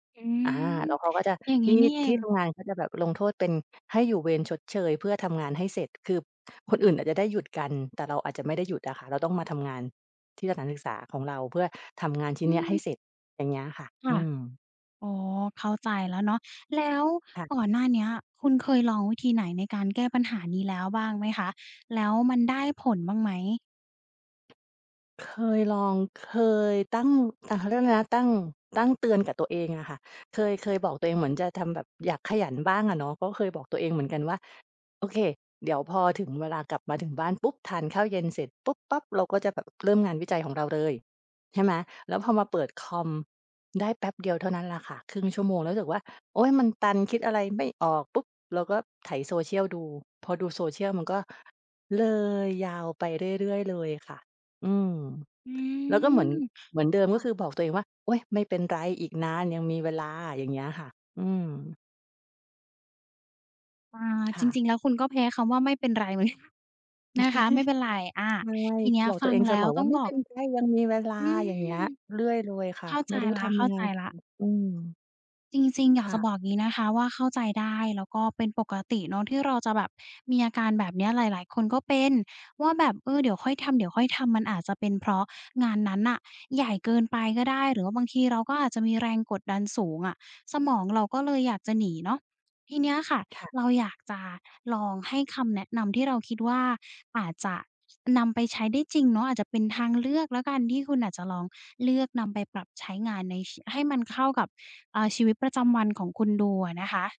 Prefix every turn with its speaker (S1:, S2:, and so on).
S1: อื
S2: อา
S1: ม
S2: แล้วเขาก็จะ
S1: อย่าง
S2: ท
S1: ง
S2: ี
S1: ี้
S2: ่
S1: นี่เอ
S2: ที
S1: ง
S2: ่ทำงานก็จะแบบลงโทษเป็นให้อยู่เวรชดเชย เพื่อทำงานให้เสร็จ คือคนอื่นอาจจะได้หยุดกัน แต่เราอาจจะไม่ได้หยุดอะค่ะ เราต้องมาทำงานที่สถานศึกษาของเรา เพื่อทำงานชิ
S1: อ
S2: ้น
S1: ื
S2: เนี้ยให้
S1: ม
S2: เสร็จ อย่างเงี้ยค่ะ
S1: ค
S2: อ
S1: ่ะ
S2: ืม
S1: อ๋อ เข้าใจแล้วเนาะ แล้ว
S2: ค่ะ
S1: ก่อนหน้าเนี้ย คุณเคยลองวิธีไหนในการแก้ปัญหานี้แล้วบ้างไหมคะ แล้วมันได้ผลบ้างไหม?
S2: เคยลอง เคยตั้ง อ เขาเรียกอะไรนะ ตั้ง ตั้งเตือนกับตัวเองอะค่ะ เคย เคยบอกตัวเองเหมือนจะทำแบบอยากขยันบ้างอะเนาะ ก็เคยบอกตัวเองเหมือนกันว่า โอเค เดี๋ยวพอถึงเวลากลับมาถึงบ้านปุ๊บ ทานข้าวเย็นเสร็จปุ๊บปั๊บ เราก็จะเริ่มงานวิจัยของเราเลย ใช่ไหม แล้วพอมาเปิดคอมได้แป๊บเดียวเท่านั้นแหละค่ะ 0.5 ชั่วโมง แล้วรู้สึกว่า โอ๊ย มันตันคิดอะไรไม่ออกปุ๊บ เราก็ไถ social ดู พอดู social มันก็เลยยาวไปเรื่อย ๆ เลยค่ะ อืม
S1: อื
S2: แล้วก็เหม
S1: ม
S2: ือน เหมือนเดิม ก
S1: ค
S2: ็
S1: ่ะ
S2: คือบอกตัวเองว่า โอ้ยไม่เป็นไร อีกนานยังมีเวลา อย่างเงี้ยค่ะ อืม
S1: อ่า
S2: ค
S1: จ
S2: ่ะ
S1: ริง ๆ แล้วคุณก็แพ้คำว่าไม่เป็นไร เหมือนกัน นะคะ ไม่เป็นไร อา
S2: ใช่
S1: ทีเนี้ย
S2: บอก
S1: ฟ
S2: ตั
S1: ั
S2: วเ
S1: ง
S2: องเ
S1: แ
S2: ส
S1: ล้
S2: ม
S1: ว
S2: อ
S1: ต
S2: ว
S1: ้
S2: ่า
S1: อง
S2: ไม่
S1: บ
S2: เ
S1: อ
S2: ป็
S1: ก
S2: นไร ยังมีเวลา
S1: อืม
S2: อย่างเงี้ยเรื่อยเลยค
S1: เ
S2: ่ะ
S1: ข้าใ
S2: ไ
S1: จ
S2: ม่รู้
S1: แล้
S2: ท
S1: ว เข
S2: ำย
S1: ้
S2: ั
S1: า
S2: งไ
S1: ใ
S2: ง
S1: จแล้ว
S2: อือ
S1: จริง ๆ อย
S2: ค
S1: าก
S2: ่
S1: จะ
S2: ะ
S1: บอกงี้นะคะว่า เข้าใจได้ แล้วก็เป็นปกติเนาะที่เราจะแบบมีอาการแบบเนี้ย หลาย ๆ คนก็เป็นว่าแบบ เออ เดี๋ยวค่อยทำ เดี๋ยวค่อยทำ มันอาจจะเป็น เพราะงานนั้นน่ะใหญ่เกินไปก็ได้ หรือว่าบางทีเราก็อาจจะมีแรงกดดันสูงอะ สมองเราก็เลยอยากจะหนีเนาะ ทีเนี้ยค่ะ
S2: ค่ะ
S1: เราอยากจะลองให้คำแนะนำที่เราคิดว่า อาจจะนำไปใช้ได้จริงเนาะ อาจจะเป็นทางเลือกแล้วกัน ที่คุณอาจจะลองเลือกนำไปปรับใช้งานในชี ให้มันเข้ากับ อ่า ชีวิตประจำวันของคุณดูอะนะคะ